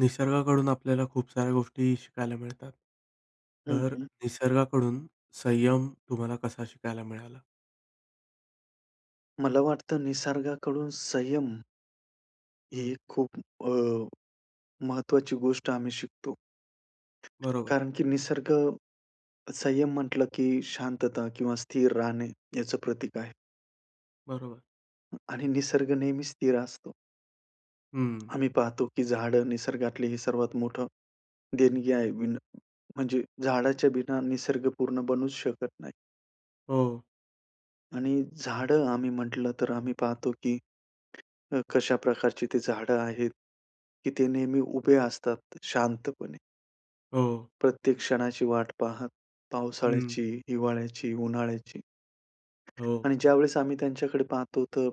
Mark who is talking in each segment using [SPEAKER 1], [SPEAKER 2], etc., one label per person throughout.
[SPEAKER 1] निसर्गाकडून आपल्याला खूप साऱ्या गोष्टी शिकायला मिळतात.
[SPEAKER 2] हं,
[SPEAKER 1] तर
[SPEAKER 2] हं.
[SPEAKER 1] निसर्गाकडून संयम तुम्हाला कसा शिकायला मिळाला?
[SPEAKER 2] मला वाटतं निसर्गाकडून संयम
[SPEAKER 1] हं.
[SPEAKER 2] ही खूप अ, महत्त्वाची गोष्ट आम्ही शिकतो.
[SPEAKER 1] बरोबर.
[SPEAKER 2] कारण की निसर्ग, संयम म्हंटलं की शांतता किंवा स्थिर राहणे याचं प्रतीक आहे.
[SPEAKER 1] बरोबर.
[SPEAKER 2] हं, आणि निसर्ग नेहमी स्थिर असतो.
[SPEAKER 1] हं.
[SPEAKER 2] आम्ही पाहतो की झाडं निसर्गातले हे सर्वात मोठं देणगी आहे. बिना म्हणजे झाडाच्या बिना निसर्गपूर्ण बनूच शकत नाही.
[SPEAKER 1] हो.
[SPEAKER 2] आणि झाडं आम्ही म्हटलं तर आम्ही पाहतो, की अ, कशा प्रकारची ती झाडं आहेत, की ते नेहमी उभे असतात शांतपणे.
[SPEAKER 1] हो.
[SPEAKER 2] प्रत्येक क्षणाची वाट पाहत.
[SPEAKER 1] हं.
[SPEAKER 2] पावसाळ्याची, हिवाळ्याची, उन्हाळ्याची.
[SPEAKER 1] हो.
[SPEAKER 2] आणि ज्यावेळेस आम्ही त्यांच्याकडे पाहतो तर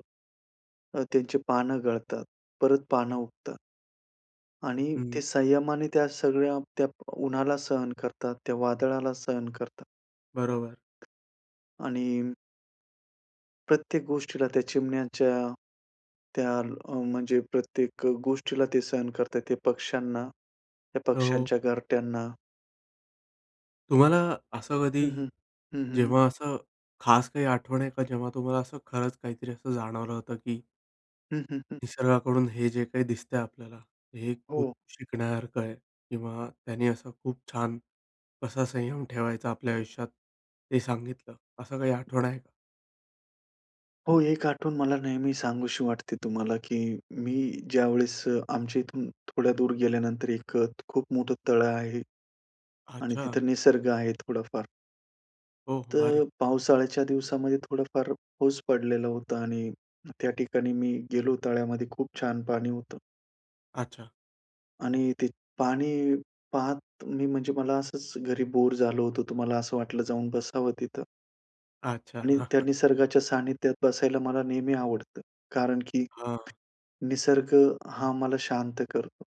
[SPEAKER 2] अ, त्यांची पानं गळतात, परत पान उगतात आणि
[SPEAKER 1] हं.
[SPEAKER 2] ते संयमाने त्या सगळ्या, त्या प उन्हाला सहन करतात, त्या वादळाला सहन करतात.
[SPEAKER 1] बरोबर.
[SPEAKER 2] आणि प्रत्येक गोष्टीला, त्या चिमण्याच्या, त्या अ, म्हणजे प्रत्येक गोष्टीला ते सहन करतात. ते पक्ष्यांना, त्या
[SPEAKER 1] हो.
[SPEAKER 2] पक्ष्यांच्या घरट्यांना.
[SPEAKER 1] तुम्हाला असं
[SPEAKER 2] हं,
[SPEAKER 1] कधी,
[SPEAKER 2] हं. हं, हं.
[SPEAKER 1] जेव्हा असं खास काही आठवण येत, जेव्हा तुम्हाला असं खरंच काहीतरी असं जाणवलं होतं? की
[SPEAKER 2] हं, हं, हं.
[SPEAKER 1] निसर्गाकडून हे जे काही दिसत आहे आपल्याला, हे खूप
[SPEAKER 2] हो.
[SPEAKER 1] शिकण्यासारखं आहे किंवा त्यांनी अस खूप छान, कसा संयम ठेवायचा. आपल्या आयुष्यात हे सांगितलं, असं काही आठवण आहे का?
[SPEAKER 2] हो, एक आठवून मला नेहमी सांगूशी वाटते तुम्हाला, की मी ज्यावेळेस आमच्या इथून थोड्या दूर गेल्यानंतर, एक अ, खूप मोठं तळ आहे. आणि
[SPEAKER 1] अच्छा.
[SPEAKER 2] तिथं निसर्ग आहे, थोडाफार.
[SPEAKER 1] ओ!
[SPEAKER 2] तर
[SPEAKER 1] भारी.
[SPEAKER 2] पावसाळ्याच्या दिवसामध्ये, थोडाफार पाऊस पडलेला होता. आणि त्या ठिकाणी मी गेलो, तळ्यामध्ये खूप छान पाणी होतं.
[SPEAKER 1] अच्छा.
[SPEAKER 2] आणि ते पाणी पाहत मी म्हणजे मला असंच घरी बोर झालो होतो, तर मला असं वाटलं, जाऊन बसावं तिथं.
[SPEAKER 1] अच्छा.
[SPEAKER 2] आणि त्या निसर्गाच्या सानिध्यात बसायला मला नेहमी आवडतं, कारण की
[SPEAKER 1] हां.
[SPEAKER 2] निसर्ग हा आम्हाला शांत करतो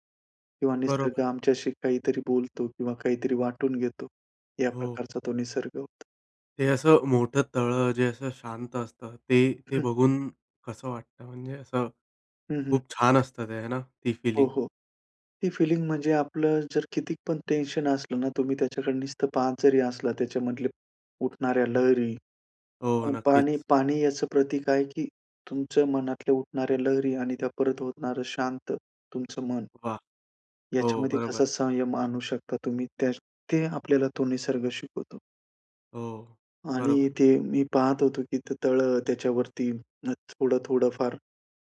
[SPEAKER 2] किंवा
[SPEAKER 1] बरोबर.
[SPEAKER 2] निसर्ग आमच्याशी काहीतरी बोलतो किंवा काहीतरी वाटून घेतो, या
[SPEAKER 1] हो.
[SPEAKER 2] प्रकारचा तो निसर्ग होता.
[SPEAKER 1] ते असं मोठं तळं, जे असं शांत असतं, ते ते
[SPEAKER 2] हं.
[SPEAKER 1] बघून कसं वाटतं? म्हणजे असं
[SPEAKER 2] हं, हं.
[SPEAKER 1] खूप छान असतं, ते आहे ना, ती
[SPEAKER 2] हो,
[SPEAKER 1] फीलिंग?
[SPEAKER 2] हो. ती फिलिंग म्हणजे आपलं जर किती पण टेन्शन असलं ना, तुम्ही त्याच्याकडे नुसतं पाहत जरी असलं, त्याच्यामधल्या उठणाऱ्या लहरी,
[SPEAKER 1] हो,
[SPEAKER 2] अ, पाणी
[SPEAKER 1] नक्कीच.
[SPEAKER 2] पाणी याचं प्रतीक आहे, की तुमच्या मनातल्या उठणाऱ्या लहरी आणि त्या परत होणारं शांत तुमचं मन.
[SPEAKER 1] वाह! हो,
[SPEAKER 2] याच्यामध्ये
[SPEAKER 1] बरोबर.
[SPEAKER 2] कसा संयम आणू शकता तुम्ही, त्या ते आपल्याला तो निसर्ग शिकवतो.
[SPEAKER 1] हो, बरोबर.
[SPEAKER 2] आणि ते मी पाहत होतो, की ते तळं त्याच्यावरती थोडं, थोडं फार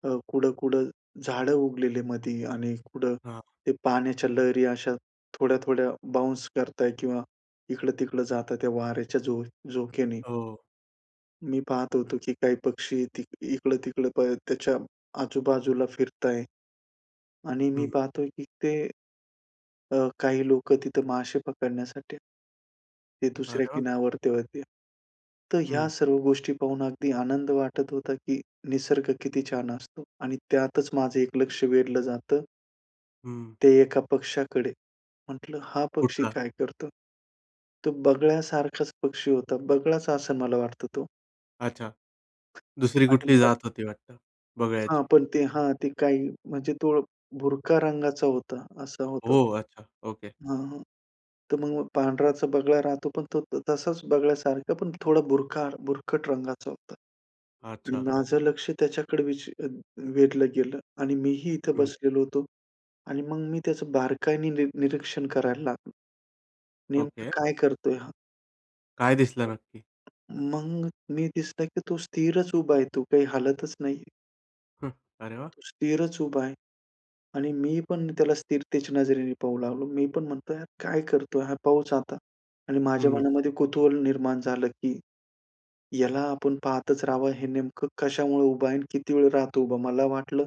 [SPEAKER 2] अ, कुड-कुड झाडं उगलेले मध्ये आणि कुड
[SPEAKER 1] हां.
[SPEAKER 2] ते पाण्याच्या लहरी अशा थोड्या-थोड्या बाउन्स करताय किंवा इकडं-तिकडं जाताय, त्या वार्‍याच्या झो झोक्याने.
[SPEAKER 1] हो.
[SPEAKER 2] मी पाहत होतो, की काही पक्षी ति अ, इकडं-तिकडं पळ त्याच्या आजूबाजूला फिरताय. आणि मी
[SPEAKER 1] हं.
[SPEAKER 2] पाहतोय, की ते, अ, काही लोकं तिथं मासे पकडण्यासाठी ते दुसऱ्या
[SPEAKER 1] अरे, वा!
[SPEAKER 2] किनारावरती होते. तर ह्या
[SPEAKER 1] हं.
[SPEAKER 2] सर्व गोष्टी पाहून अगदी आनंद वाटत होता, की निसर्ग किती छान असतो. आणि त्यातच माझं एक लक्ष वेधलं जातं
[SPEAKER 1] हं.
[SPEAKER 2] ते एका पक्षाकडे म्हटलं, हा पक्षी
[SPEAKER 1] कुठला?
[SPEAKER 2] काय करतो? तो बगळ्यासारखाच पक्षी होता, बगळ्याचा असं मला वाटतं तो.
[SPEAKER 1] अच्छा, दुसरी
[SPEAKER 2] आणि
[SPEAKER 1] कुठली
[SPEAKER 2] मग
[SPEAKER 1] जात होती, वाटतं
[SPEAKER 2] हां,
[SPEAKER 1] बगळ्याची.
[SPEAKER 2] पण ते हां, ते काही म्हणजे तो बुरका रंगाचा होता, असा होता.
[SPEAKER 1] ओ! अच्छा, ओके.
[SPEAKER 2] हां, तर मग पांढराचा बगळा राहतो पण तो तसाच बगळ्यासारखं, पण थोडा बुरखा बुरखट रंगाचं होतं आणि
[SPEAKER 1] अच्छा.
[SPEAKER 2] माझं लक्ष त्याच्याकडे विच वेधलं गेलं आणि मीही इथे
[SPEAKER 1] हं.
[SPEAKER 2] बसलेलो होतो आणि मग मी त्याचं बारकाईने नि निरीक्षण करायला लागलो. नेमकं
[SPEAKER 1] ओके.
[SPEAKER 2] काय करतोय हा?
[SPEAKER 1] काय दिसलं नक्की?
[SPEAKER 2] मग नी दिसतंय, की तो स्थिरच उभा आहे. तू काही हालतच नाही.
[SPEAKER 1] हं, अरे वाह!
[SPEAKER 2] तो स्थिरच उभा आहे. आणि मी पण त्याला स्थिरतेच्या नजरेने पाहू लागलो. मी पण म्हणतो, हा काय करतोय हा पहुच आता. आणि माझ्या
[SPEAKER 1] हं.
[SPEAKER 2] मनामध्ये कुतूहल निर्माण झालं, की याला आपण पाहतच राहावं. हे नेमकं कशामुळे उभं आहे आणि किती वेळ राहतो? उभं मला वाटलं,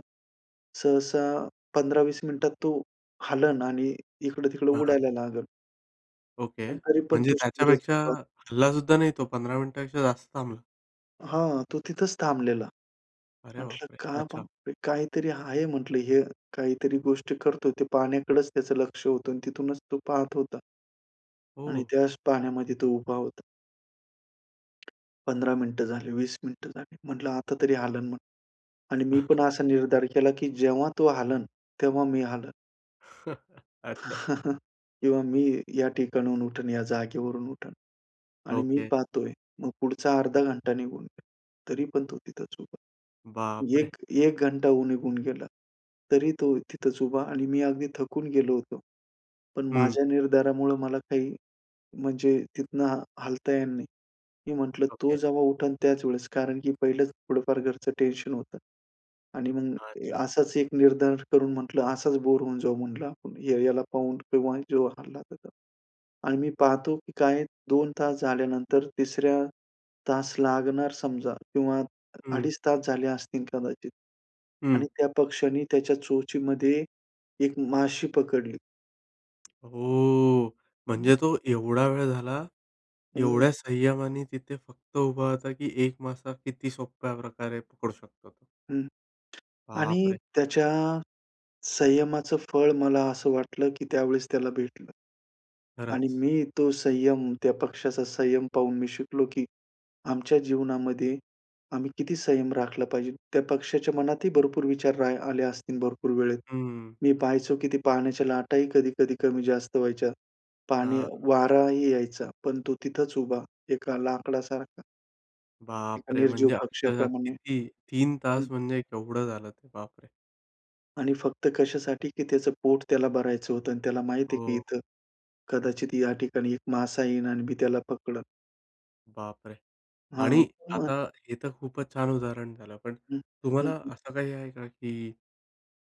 [SPEAKER 2] सहसा 15-20 मिनिटात तो हलेल आणि इकडं-तिकडं
[SPEAKER 1] हां, हां.
[SPEAKER 2] उडायला लागेल.
[SPEAKER 1] ओके,
[SPEAKER 2] पण तरी पण
[SPEAKER 1] म्हणजे
[SPEAKER 2] तो स्थिरच
[SPEAKER 1] त्याच्यापेक्षा
[SPEAKER 2] उभा
[SPEAKER 1] हलला सुद्धा नाही, तो 15 मिनिटांपेक्षा जास्त थांबला?
[SPEAKER 2] हां, तो तिथंच थांबलेला.
[SPEAKER 1] अरे
[SPEAKER 2] म्हटलं
[SPEAKER 1] बापरे!
[SPEAKER 2] का
[SPEAKER 1] अच्छा!
[SPEAKER 2] मग काहीतरी आहे, म्हटलं हे काहीतरी गोष्ट करतोय. ते पाण्याकडेच त्याचं लक्ष होतं आणि तिथूनच तो पाहत होता
[SPEAKER 1] हो,
[SPEAKER 2] आणि
[SPEAKER 1] हो.
[SPEAKER 2] त्याच पाण्यामध्ये तो उभा होता. 15 मिनिटं झाले, 20 मिनिटं झाली, म्हटलं आता तरी हलेल मग. आणि मी पण असा निर्धार केला, की जेव्हा तो हलेल, तेव्हा मी हलेन.
[SPEAKER 1] अच्छा.
[SPEAKER 2] किंवा मी या ठिकाणाहून उठून, या जागेवरून उठेन. आणि मी
[SPEAKER 1] ओके.
[SPEAKER 2] पाहतोय. मग पुढचा अर्धा घंटा निघून गेला, तरी पण तो तिथंच उभा होता.
[SPEAKER 1] बापरे!
[SPEAKER 2] 1, 1 घंटा होऊ निघून गेला, तरी तो तिथंच उभा आणि मी अगदी थकून गेलो होतो, पण
[SPEAKER 1] हं.
[SPEAKER 2] माझ्या निर्धारामुळं मला काही म्हणजे तिथून हलता येणार नाही. मी म्हटलं, तो
[SPEAKER 1] ओके.
[SPEAKER 2] जेव्हा उठेल त्याच वेळेस, कारण की पहिलंच थोडंफार घरचं टेन्शन होतं. आणि मग
[SPEAKER 1] अच्छा.
[SPEAKER 2] असाच एक निर्धार करून म्हटलं, असाच बोर होऊन जाऊ, म्हटलं आपण या याला पाहून, तेव्हा जो हलला तर तो. आणि मी पाहतो की काय, 2 तास झाल्यानंतर, 3ऱ्या तास लागणार समजा किंवा
[SPEAKER 1] हं.
[SPEAKER 2] अडीच तास झाले असतील कदाचित. आणि
[SPEAKER 1] हं.
[SPEAKER 2] त्या पक्षाने त्याच्या चोचीमध्ये एक माशी पकडली.
[SPEAKER 1] ओ! म्हणजे तो एवढा वेळ झाला,
[SPEAKER 2] हम्म.
[SPEAKER 1] एवढ्या संयमाने तिथे फक्त उभा होता, की एक मासा किती सोप्या प्रकारे पकडू शकतो.
[SPEAKER 2] हं. आणि
[SPEAKER 1] बापरे!
[SPEAKER 2] त्याच्या संयमाचं फळ मला असं वाटलं की त्यावेळेस त्याला भेटलं आणि
[SPEAKER 1] खरंच.
[SPEAKER 2] मी तो संयम, त्या पक्षाचा संयम पाहून मी शिकलो की आमच्या जीवनामध्ये आम्ही किती संयम राखला पाहिजे. त्या पक्षाच्या मनात ही भरपूर विचार रा आले असतील, भरपूर वेळेत.
[SPEAKER 1] हं, हं.
[SPEAKER 2] मी पाहायचो की ती पाण्याच्या लाटा ही कधी-कधी, कमी-जास्त व्हायच्या, पाणी
[SPEAKER 1] हां.
[SPEAKER 2] वारा ही यायचा. पण तो तिथंच उभा, एका लाकडासारखा. एका
[SPEAKER 1] बापरे!
[SPEAKER 2] निर्जीव
[SPEAKER 1] म्हणजे अक्षरशः
[SPEAKER 2] पक्ष्याप्रमाणे,
[SPEAKER 1] किती? 3:00
[SPEAKER 2] हं.
[SPEAKER 1] तास म्हणजे केवढं झालं ते, बापरे!
[SPEAKER 2] आणि फक्त कशासाठी की त्याचं पोट त्याला भरायचं होतं आणि त्याला माहिती आहे की
[SPEAKER 1] हो.
[SPEAKER 2] इथं कदाचित या ठिकाणी एक मासा येईल आणि मी त्याला पकडलं.
[SPEAKER 1] बापरे!
[SPEAKER 2] हां.
[SPEAKER 1] आणि
[SPEAKER 2] [unintelligible]
[SPEAKER 1] आता हे तर खूपच छान उदाहरण झालं. पण
[SPEAKER 2] हं, हं,
[SPEAKER 1] तुम्हाला
[SPEAKER 2] हं.
[SPEAKER 1] असं काही आहे का की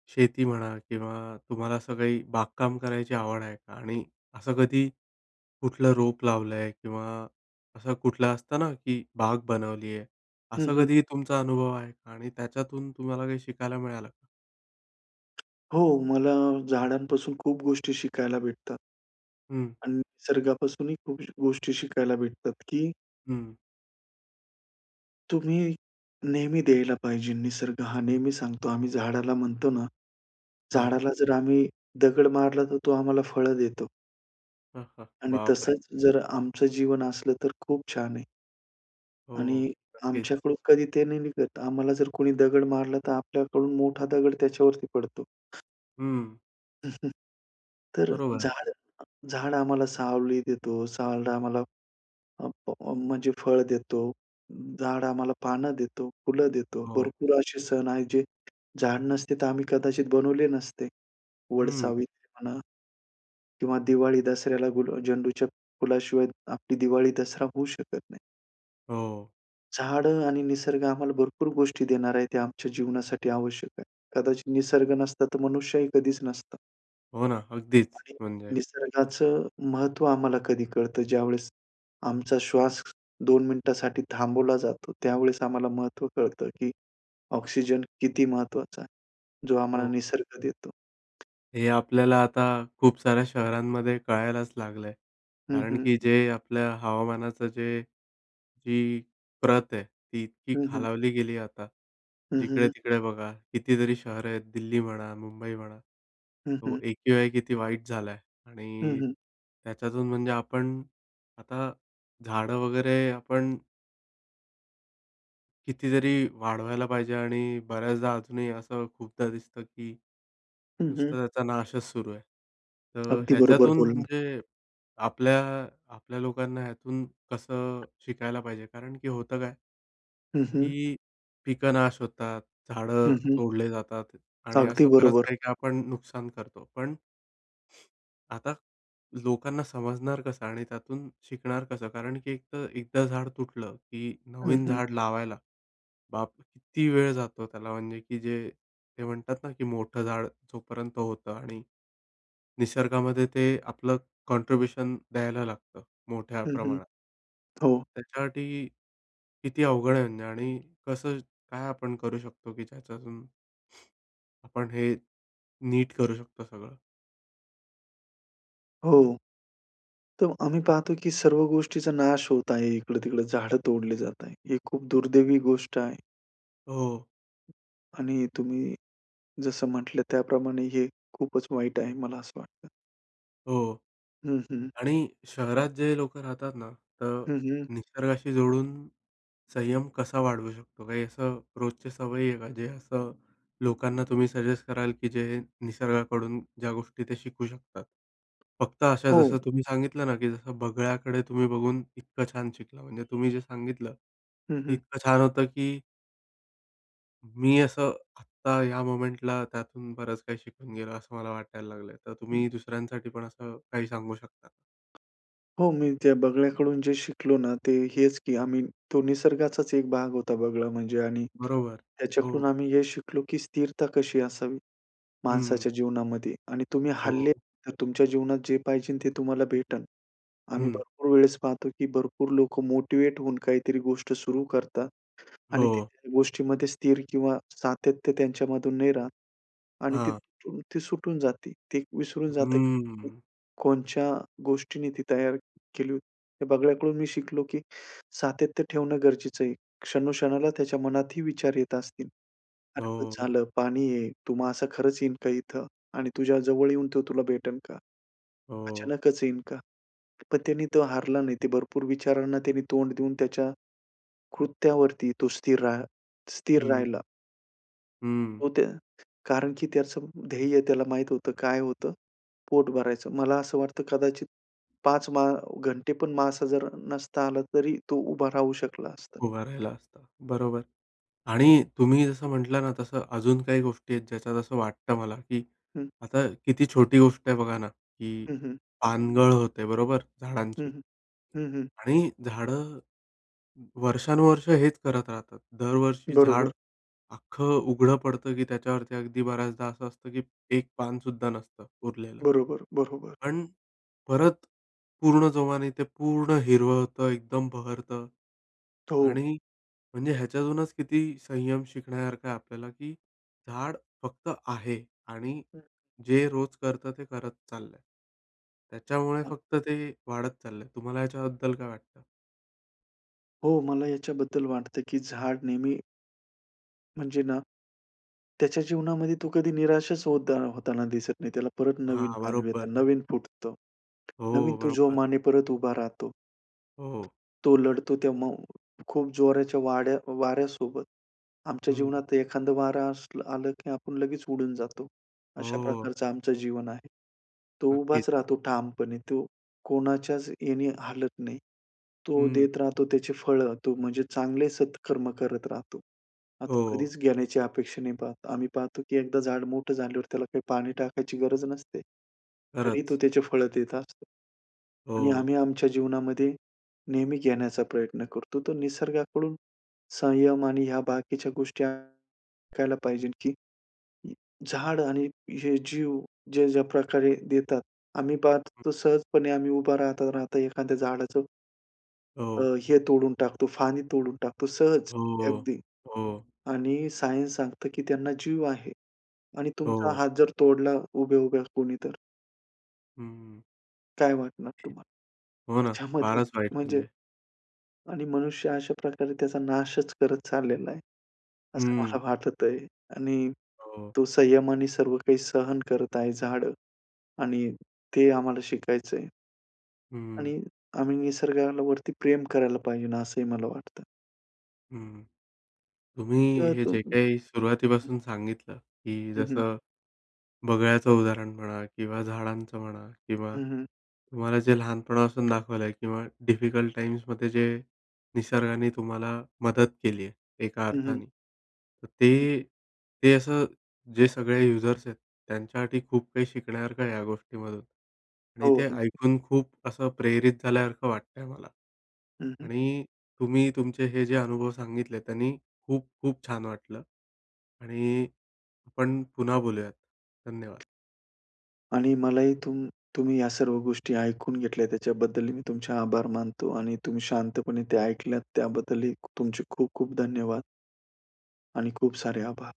[SPEAKER 1] शेती म्हणा किंवा तुम्हाला असं काही बागकाम करायची आवड आहे का? आणि असं कधी कुठलं रोप लावलं आहे किंवा असं कुठलं असतं ना की बाग बनवली आहे,
[SPEAKER 2] हं,
[SPEAKER 1] असं
[SPEAKER 2] हं.
[SPEAKER 1] कधी ही तुमचा अनुभव आहे का? आणि त्याच्यातून तुम्हाला काही शिकायला मिळालं का?
[SPEAKER 2] हो, मला झाडांपासून खूप गोष्टी शिकायला भेटतात
[SPEAKER 1] हं.
[SPEAKER 2] आणि निसर्गापासूनही खूप गोष्टी शिकायला भेटतात, की
[SPEAKER 1] हं.
[SPEAKER 2] तुम्ही नेहमी द्यायला पाहिजे. निसर्ग हा नेहमी सांगतो, आम्ही झाडाला म्हणतो ना,
[SPEAKER 1] हां.
[SPEAKER 2] झाडाला जर आम्ही दगड मारला तर तो आम्हाला फळं देतो.
[SPEAKER 1] हं, हं.
[SPEAKER 2] आणि
[SPEAKER 1] बापरे!
[SPEAKER 2] तसंच, जर आमचं जीवन असलं, तर खूप छान आहे.
[SPEAKER 1] हो,
[SPEAKER 2] आणि
[SPEAKER 1] हो. नक्कीच.
[SPEAKER 2] आमच्याकडून कधी ते नाही निघत. आम्हाला जर कोणी दगड मारला, तर आपल्याकडून मोठा दगड त्याच्यावरती पडतो.
[SPEAKER 1] हं.
[SPEAKER 2] तर
[SPEAKER 1] बरोबर.
[SPEAKER 2] झाड झाड आम्हाला सावली देतो, झाड आम्हाला अ, फ म्हणजे फळ देतो, झाड आम्हाला पानं देतो, फुलं देतो.
[SPEAKER 1] हो.
[SPEAKER 2] भरपूर असे सण आहेत, जे झाड नसते तर आम्ही कदाचित बनवले नसते.
[SPEAKER 1] हं.
[SPEAKER 2] वटसावित्री म्हणा किंवा दिवाळी-दसऱ्याला गुला झेंडूच्या फुलाशिवाय आपली दिवाळी-दसरा होऊ शकत नाही.
[SPEAKER 1] हो.
[SPEAKER 2] झाडं आणि निसर्ग आम्हाला भरपूर गोष्टी देणार आहेत, ते आमच्या जीवनासाठी आवश्यक आहे. कदाचित निसर्ग नसता, तर मनुष्यही कधीच नसता.
[SPEAKER 1] हो ना अगदीच.
[SPEAKER 2] आणि
[SPEAKER 1] म्हणजे
[SPEAKER 2] निसर्गाचं महत्त्व आम्हाला कधी कळतं, ज्यावेळेस आमचा श्वास 2 मिनिटांसाठी थांबवला जातो. त्यावेळेस आम्हाला महत्त्व कळतं, की ऑक्सिजन किती महत्त्वाचा आहे. जो आम्हाला
[SPEAKER 1] हो.
[SPEAKER 2] निसर्ग देतो.
[SPEAKER 1] हे आपल्याला आता खूप साऱ्या शहरांमध्ये कळायलाच लागलंय.
[SPEAKER 2] हं,
[SPEAKER 1] कारण
[SPEAKER 2] हं.
[SPEAKER 1] की जे आपल्या हवामानाचं जे जी प्रत आहे ती इतकी
[SPEAKER 2] हं, हं.
[SPEAKER 1] खालावली गेली आहे आता.
[SPEAKER 2] हं, हं, हं.
[SPEAKER 1] जिकडे-तिकडे बघा कितीतरी शहरं आहेत. दिल्ली म्हणा मुंबई म्हणा
[SPEAKER 2] हं,
[SPEAKER 1] तो
[SPEAKER 2] हं.
[SPEAKER 1] A. Q. I. आहे किती वाईट झालाय?
[SPEAKER 2] हं,
[SPEAKER 1] आणि
[SPEAKER 2] हं.
[SPEAKER 1] त्याच्यातून म्हणजे आपण आता झाडं वगैरे आपण कितीतरी वाढवायला पाहिजे. आणि बऱ्याचदा अजूनही असं खूपदा दिसतं की
[SPEAKER 2] हं, हं.
[SPEAKER 1] नुसता त्याचा नाशच सुरू आहे. तर
[SPEAKER 2] अगदी बरोबर
[SPEAKER 1] ह्याच्यातून
[SPEAKER 2] बोललात.
[SPEAKER 1] म्हणजे आपल्या आपल्या लोकांना ह्यातून कसं शिकायला पाहिजे, कारण की होतं काय?
[SPEAKER 2] हं, हं.
[SPEAKER 1] ही पिकं नाश होतात,
[SPEAKER 2] हं,
[SPEAKER 1] झाडं
[SPEAKER 2] हं.
[SPEAKER 1] तोडले जातात आणि
[SPEAKER 2] अगदी
[SPEAKER 1] असं बरंच
[SPEAKER 2] बरोबर.
[SPEAKER 1] काही-काही आपण नुकसान करतो. पण ...आता लोकांना समजणार कसं? आणि त्यातून शिकणार कसं? कारण की एक तर, एकदा झाड तुटलं की
[SPEAKER 2] हं,
[SPEAKER 1] नवीन
[SPEAKER 2] हं.
[SPEAKER 1] झाड लावायला, बाप! किती वेळ जातो त्याला म्हणजे की जे, ते म्हणतात ना, की मोठं झाड जोपर्यंत होतं आणि निसर्गामध्ये ते आपलं कॉन्ट्रीब्यूशन द्यायला लागतं मोठ्या
[SPEAKER 2] हं, हं.
[SPEAKER 1] प्रमाणात.
[SPEAKER 2] हो.
[SPEAKER 1] त्यासाठी किती अवघड आहे म्हणजे आणि कसं काय आपण करू शकतो की ज्याच्यातून आपण हे नीट करू शकतो सगळं.
[SPEAKER 2] हो. तर आम्ही पाहतो की सर्व गोष्टीचा नाश होत आहे. इकडं-तिकडं झाडं तोडली जातायत. ही खूप दुर्दैवी गोष्ट आहे.
[SPEAKER 1] हो.
[SPEAKER 2] आणि तुम्ही जसं म्हटलं त्याप्रमाणे हे खूपच वाईट आहे, मला असं वाटतं.
[SPEAKER 1] हो
[SPEAKER 2] हं, हं.
[SPEAKER 1] आणि शहरात जे लोकं राहतात ना, तर
[SPEAKER 2] हं, हं.
[SPEAKER 1] निसर्गाशी जोडून संयम कसा वाढवू शकतो? काही असं रोजचे सवयी आहेत का, जे असं लोकांना तुम्ही सजेस्ट कराल, की जे निसर्गाकडून ज्या गोष्टी त्या शिकू शकतात? फक्त अशा
[SPEAKER 2] हो.
[SPEAKER 1] जसं तुम्ही सांगितलं ना, की जसं बगळ्याकडे तुम्ही बघून इतकं छान शिकला, म्हणजे तुम्ही जे सांगितलं,
[SPEAKER 2] हं,
[SPEAKER 1] ते
[SPEAKER 2] हं.
[SPEAKER 1] इतकं छान होतं, की मी असं आत्ता, ह्या मोमेंटला, त्यातून बरंच काही शिकून गेलो असं मला वाटायला लागल आहे. तर
[SPEAKER 2] हं.
[SPEAKER 1] तुम्ही दुसऱ्यांसाठी पण असं काही सांगू शकता?
[SPEAKER 2] हो. मी त्या बगळ्याकडून जे शिकलो ना, ते हेच की आम्ही तो निसर्गाचाच एक भाग होता, बगळा म्हणजे आणि
[SPEAKER 1] बरोबर,
[SPEAKER 2] त्याच्याकडून
[SPEAKER 1] हो.
[SPEAKER 2] आम्ही हे शिकलो, की स्थिरता कशी असावी
[SPEAKER 1] हं, हं.
[SPEAKER 2] माणसाच्या जीवनामध्ये आणि तुम्ही
[SPEAKER 1] हो,
[SPEAKER 2] हरले,
[SPEAKER 1] हो.
[SPEAKER 2] तर तुमच्या जीवनात जे पाहिजे ते तुम्हाला भेटेल. आम्ही
[SPEAKER 1] हं.
[SPEAKER 2] भरपूर वेळेस पाहतो की भरपूर लोकं मोटिव्हेट होऊन काहीतरी गोष्ट सुरू करतात. आणि ती
[SPEAKER 1] हो.
[SPEAKER 2] गोष्टीमध्ये स्थिर किंवा सातत्य, त्यांच्यामधून नाही राहत आणि ती,
[SPEAKER 1] हां.
[SPEAKER 2] ती सुटून जाते. ते विसरून जातं की
[SPEAKER 1] हम्म.
[SPEAKER 2] कोणच्या गोष्टीने ती तयार केली होती. हे बगळ्याकडून मी शिकलो की सातत्य ठेवणं गरजेचं आहे. क्षणो-क्षणाला त्याच्या मनातही विचार येत असतील. अरे पण,
[SPEAKER 1] हो.
[SPEAKER 2] झालं पाणी आहे. तो मासा खरंच येईन का इथं आणि तुझ्या जवळ येऊन तो तुला भेटेल का?
[SPEAKER 1] हो.
[SPEAKER 2] अचानकच येईन का? पण त्याने तो हारला नाही. ते भरपूर विचारांना त्याने तोंड देऊन, त्याच्या कृत्यावरती तो स्थिर रा स्थिर
[SPEAKER 1] हं.
[SPEAKER 2] राहिला.
[SPEAKER 1] हं.
[SPEAKER 2] हो त्या कारण की त्याचं ध्येय त्याला माहीत होतं. काय होतं? पोट भरायचं. मला असं वाटतं, कदाचित 5 मां घंटे पण मासा जर नसता आला तरी तो उभा राहू शकला असता.
[SPEAKER 1] उभा राहिला असता, बरोबर आणि तुम्ही जसं म्हटलं ना, तसं अजून काही गोष्टी आहेत, ज्याच्यात असं वाटतं मला, की
[SPEAKER 2] हं.
[SPEAKER 1] आता किती छोटी गोष्ट आहे बघा ना, की
[SPEAKER 2] हं, हं.
[SPEAKER 1] पानगळ होते, बरोबर,
[SPEAKER 2] हं,
[SPEAKER 1] झाडांची?
[SPEAKER 2] हं. हं, हं.
[SPEAKER 1] आणि झाडं वर्षानुवर्षे हेच करत राहतात. दरवर्षी झाड
[SPEAKER 2] बरोबर.
[SPEAKER 1] अख्खं उघडं पडतं, की त्याच्यावरती अगदी बऱ्याचदा असं असतं, की 1 पान सुद्धा नसतं उरलेलं.
[SPEAKER 2] बरोबर, बरोबर.
[SPEAKER 1] पण परत पूर्ण जोमाने ते पूर्ण हिरवं होतं, एकदम बहरतं
[SPEAKER 2] हो.
[SPEAKER 1] आणि म्हणजे, ह्याच्यातूनच किती संयम शिकण्यासारखं आहे आपल्याला, की झाड फक्त आहे आणि
[SPEAKER 2] हं.
[SPEAKER 1] जे रोज करतं ते करत चाललं आहे. त्याच्यामुळे फक्त ते वाढत चाललंय. तुम्हाला याच्याबद्दल काय वाटतं?
[SPEAKER 2] हो, मला याच्याबद्दल वाटतं, की झाड नेहमी म्हणजे ना, त्याच्या जीवनामध्ये तो कधी निराशच होदा होताना दिसत नाही. त्याला परत नवीन
[SPEAKER 1] हां,
[SPEAKER 2] पालवी
[SPEAKER 1] बरोबर.
[SPEAKER 2] येतात, नवीन फुटतं, नवीन
[SPEAKER 1] हो,
[SPEAKER 2] तो
[SPEAKER 1] बरोबर.
[SPEAKER 2] जोमाने परत उभा राहतो.
[SPEAKER 1] हो.
[SPEAKER 2] तो लढतो तेव्हा खूप जोराच्या वाड्या वाऱ्यासोबत. आमच्या
[SPEAKER 1] हम्म.
[SPEAKER 2] जीवनात एखादं वारं असलं आला, की आपण लगेच उडून जातो. अशा
[SPEAKER 1] हो.
[SPEAKER 2] प्रकारचं आमचं जीवन आहे. तो
[SPEAKER 1] नक्कीच.
[SPEAKER 2] उभाच राहतो ठामपणे, तो कोणाच्याच याने हालत नाही. तो
[SPEAKER 1] हं.
[SPEAKER 2] देत राहतो त्याची फळं, तो म्हणजे चांगले सत्कर्म करत राहतो. आता तो
[SPEAKER 1] हो.
[SPEAKER 2] कधीच घेण्याची अपेक्षा नाही पाहत. आम्ही पाहतो, की एकदा झाड मोठं झाल्यावर त्याला काही पाणी टाकायची गरज नसते, तरी तो
[SPEAKER 1] खरंच.
[SPEAKER 2] त्याचे फळ देत असतो. आणि
[SPEAKER 1] हो.
[SPEAKER 2] आम्ही आमच्या जीवनामध्ये नेहमी घेण्याचा प्रयत्न करतो. तो निसर्गाकडून संयम आणि या बाकीच्या गोष्टी शिकायला पाहिजे, की झाड आणि हे जीव ज्या, ज्या प्रकारे देतात, आम्ही पाहत, तो सहजपणे आम्ही उभा राहता राहता एखाद्या झाडाचं अ,
[SPEAKER 1] हो.
[SPEAKER 2] हे तोडून टाकतो, पाणी तोडून टाकतो सहज
[SPEAKER 1] हो,
[SPEAKER 2] अगदी
[SPEAKER 1] हो.
[SPEAKER 2] आणि सायन्स सांगतं, की त्यांना जीव आहे आणि तुमचा
[SPEAKER 1] हो.
[SPEAKER 2] हात जर तोडला उभ्या उभ्या कोणी, तर?
[SPEAKER 1] हम्म.
[SPEAKER 2] काय वाटणार तुम्हाला?
[SPEAKER 1] हो ना.
[SPEAKER 2] त्याच्यामध्ये
[SPEAKER 1] फारच वाईट
[SPEAKER 2] म्हणजे
[SPEAKER 1] म्हणजे.
[SPEAKER 2] आणि मनुष्य अशा प्रकारे त्याचा नाशच करत चाललेला आहे, असं
[SPEAKER 1] हं.
[SPEAKER 2] मला वाटतं आहे आणि
[SPEAKER 1] हो.
[SPEAKER 2] तो संयमाने सर्व काही सहन करत आहे. झाडं आणि ते आम्हाला शिकायचं आहे.
[SPEAKER 1] हं, हं.
[SPEAKER 2] आणि आम्ही निसर्गावरती प्रेम करायला पाहिजे, असं ही मला वाटतं.
[SPEAKER 1] हं, तुम्ही
[SPEAKER 2] तर
[SPEAKER 1] हे जे काही
[SPEAKER 2] [unintelligible]
[SPEAKER 1] सुरुवातीपासून सांगितलं की
[SPEAKER 2] हं, हं.
[SPEAKER 1] जसं बगळ्याचं उदाहरण म्हणा किंवा झाडांचं म्हणा किंवा
[SPEAKER 2] हं, हं.
[SPEAKER 1] तुम्हाला जे लहानपणापासून दाखवलं आहे किंवा डिफिकल्ट टाईम्समध्ये जे निसर्गाने तुम्हाला मदत केली आहे, एका
[SPEAKER 2] हं, हं.
[SPEAKER 1] अर्थाने. तर
[SPEAKER 2] हं,
[SPEAKER 1] ते
[SPEAKER 2] हं.
[SPEAKER 1] ते असं जे सगळे युजर्स आहेत, त्यांच्यासाठी खूप काही शिकण्यासारखं आहे या गोष्टीमधून आणि
[SPEAKER 2] हो
[SPEAKER 1] ते
[SPEAKER 2] अगदी.
[SPEAKER 1] ऐकून खूप असं प्रेरित झाल्यासारखं वाटतं आहे मला
[SPEAKER 2] हं, हं.
[SPEAKER 1] आणि तुम्ही तुमचे हे जे अनुभव सांगितले, त्यानी खूप-खूप छान वाटलं आणि आपण पुन्हा बोलूयात, धन्यवाद.
[SPEAKER 2] आणि मला ही तुम तुम्ही या सर्व गोष्टी ऐकून घेतल्या, त्याच्याबद्दल मी तुमचे आभार मानतो आणि तुम्ही शांतपणे ते ऐकल्यात, त्याबद्दल तुमचे खूप-खूप धन्यवाद. आणि खूप सारे आभार.